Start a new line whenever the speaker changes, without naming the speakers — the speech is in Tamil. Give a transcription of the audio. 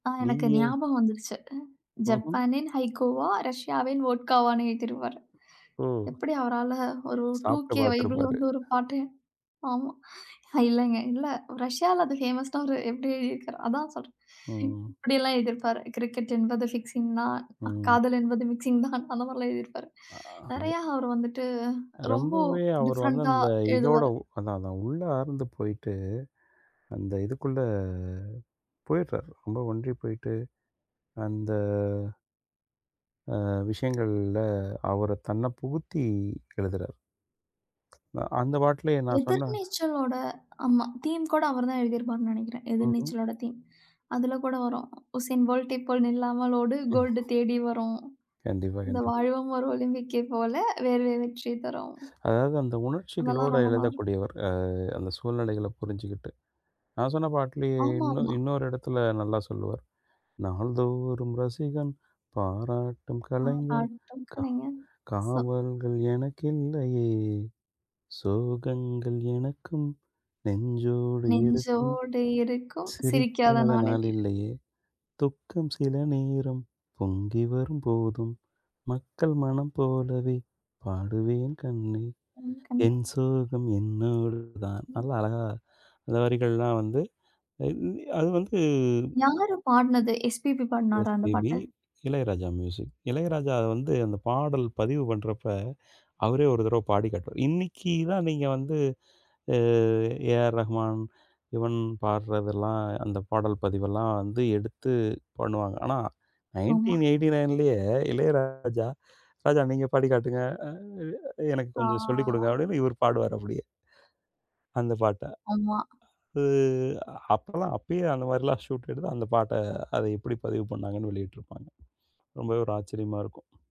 அ,
நீங்க
எனக்கு
ஏன்?
ஞாபகம் வந்துருச்சு.
ம்ஹ்ம்!
ஜப்பானின் ஹைக்கூவா, ரஷ்யாவின் வோட்கா வான்னு, எழுதிடுவாரு.
ஓ.
எப்படி அவரால, ஒரு
சாப்பட்டு
2கே
பார்த்திருப்பாரு.
வந்து ஒரு பாட்ட, ஆமா. அ, இல்லைங்க, இல்லை ரஷ்யாவுல, அது ஃபேமஸ்ஸ்டாரு. எப்படி எழுதியிருக்காரு? அதான் சொல்றேன்.
ம்.
இப்படிலாம் எழுதி இருப்பாரு. கிரிக்கெட் என்பது ஃபிக்சிங் தான்.
ம்.
காதல் என்பது மிக்சிங் தான். அந்த மாரி எல்லாம் எழுதி இருப்பாரு.
ஆ
நெறைய, அவர் வந்துட்டு,
அது
ரொம்ப
ரொம்பவே அவர் வந்து
டிஃப்ரண்ட்டா
அந்த இதோட
எழுதுவாரு.
உ அதான் அதான், அது உள்ளார்ந்து போயிட்டு, அந்த இதுக்குள்ள, போயிர்றாரு. ரொம்ப ஒன்றிப்போயிட்டு, அந்த ஆ விஷயங்கள்ல, அவர தன்னை புகுத்தி, எழுதுறாரு. அ, அந்த பாட்டுலயே நான் சொன்னேன்.
எதிர்நீச்சலோட! ஆமா. தீம் கூட, அவர்தான் எழுதியிருப்பார்னு நெனைக்கிறேன்.
ம்ஹ்ம்.
எதிர்நீச்சலோட தீம். அதுல கூட வரும். உசேன் போல்டை போல் நில்லாமல் ஓடு, கோல்டு தேடி வரும்.
கண்டிப்பா,
இந்த
கண்டிப்பா.
வாழ்வும் ஒரு ஒலிம்பிக்கை போல, வேர்வை வெற்றிய தரும்.
அதாவது, அந்த
அதெல்லாம்,
உணர்ச்சிகளோட
ரொம்ப நல்லாருக்கும்.
எழுதக்கூடியவர். ஆ, அந்த சூழ்நிலைகள புரிஞ்சுக்கிட்டு. நான் சொன்ன பாட்டுலயே
ஆமா,
இன்னொ
ஆமா.
இன்னொரு இடத்துல நல்லா சொல்லுவார். நாள்தோறும் ரசிகன், பாராட்டும்
ஆ.
கலைஞன் கா
[unintelligible] சோ
காவல்கள் எனக்கில்லையே. சோகங்கள் எனக்கும், நெஞ்சோடு இருக்கும்.
நெஞ்சோடு இருக்கும், சிரிக்காத
சிரிக்காத
நாளேல்ல.
நாளில்லையே. துக்கம் சில நேரம் பொங்கிவரும் போதும் மக்கள் மனம் போலவே பாடுவேன் கண்ணே.
என் கண்ணே.
என் சோகம் என்னோடுதான்
ம்.
நல்லா, அழகா அது வரிகள் எல்லாம் வந்து. இந்தி அது வந்து
யாரு பாடுனது? எஸ்.பி.பி பாடினாரா அந்த
எஸ்.பி.பி,
பாட்ட?
இளையராஜா மியூசிக். இளையராஜா வந்து, அந்த பாடல் பதிவு பண்றப்ப, அவரே ஒரு தடவ பாடி காட்டுவார். இன்னிக்கிதான், நீங்க வந்து அ, ஏ.ஆர்.ரஹ்மான், யுவன் பாடுறதெல்லாம், அந்தப் பாடல் பதிவெல்லாம் வந்து, எடுத்து பண்ணுவாங்க. ஆனா
ஆமா.
1989லயே இளையராஜா, "ராஜா நீங்க பாடி காட்டுங்க, அ இ எனக்கு
ஆ.
கொஞ்சம் சொல்லி கொடுங்க" அப்படின்னு இவரு பாடுவார், அப்படியே அந்தப் பாட்ட.
ஆமா.
உ அப்பலாம் அப்பயே அந்த மாரி எல்லாம் ஷுட் எடுத்து அந்த பாட்ட, அதை எப்படி பதிவு பண்ணாங்கன்னு வெளியிட்டு இருப்பாங்க. ரொம்பவே ஒரு ஆச்சரியமா இருக்கும்.